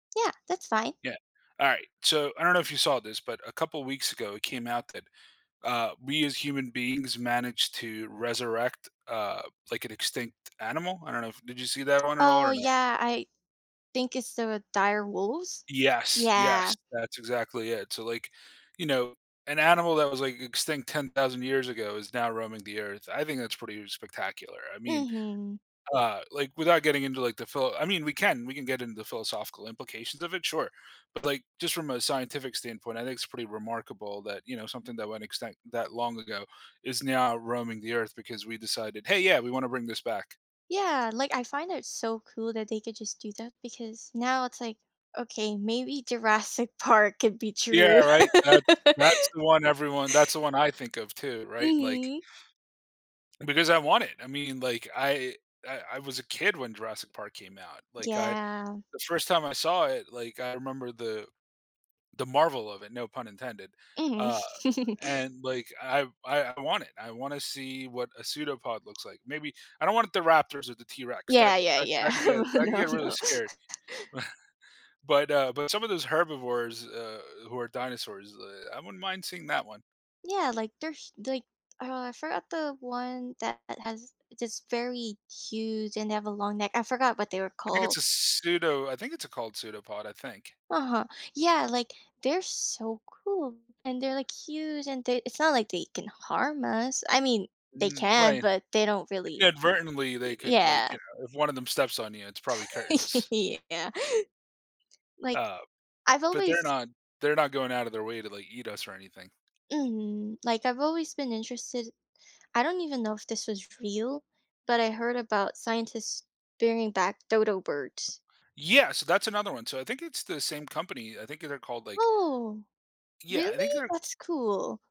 Yeah, that's fine. Yeah, all right, so I don't know if you saw this, but a couple weeks ago, it came out that, uh, we as human beings managed to resurrect, uh, like, an extinct animal. I don't know if did you see that one at all Oh, or not? yeah, I think it's the dire wolves? Yes, yes, Yeah. that's exactly it. So, like, you know, an animal that was, like, extinct 10,000 years ago is now roaming the earth, I think that's pretty spectacular. I mean, Mhm. uh, like, without getting into, like, the philo I mean, we can we can get into the philosophical implications of it, sure, but, like, just from a scientific standpoint, I think it's pretty remarkable that, you know, something that went extinct that long ago is now roaming the earth because we decided, "Hey, yeah, we wanna bring this back." Yeah, like, I find it so cool that they could just do that because now it's like, okay, maybe Jurassic Park could be Yeah, true. right, that's that's the one everyone that's the one I think of too, right? Like Mhm. Because I want it, I mean, like, I I I was a kid when Jurassic Park came out, like I Yeah. the first time I saw it, like, I remember the the marvel of it- no pun intended- Mhm. uh, and, like, I I I want it, I wanna see what a pseudopod looks like. Maybe I don't want the Raptors or the T-rex, that Yeah, yeah, that yeah, that could get that could no, get really no. scary, but, uh but some of those herbivores, uh, who are dinosaurs, uh, I wouldn't mind seeing that one. Yeah, like there's, like, uh, I forgot the one that has this very huge and they have a long neck, I forgot what they were I think called. it's a pseudo I think it's a called pseudopod, I think. Uh-huh, yeah, like, they're so cool and they're, like, huge and they it's not like they can harm us, I mean they Mm, can, right. but they don't really Inadvertently, y they could, like, yeah. you know if one of them steps on you, it's probably curtains. Yeah. Like, Uh, I've but they're always not they're not going out of their way to, like, eat us or anything. Mhm, like, I've always been interested, I don't even know if this was real, but I heard about scientists bringing back dodo birds. Yeah, so that's another one, so I think it's the same company, I think that they're called, like Oh, Yeah, I think really? they're That's cool.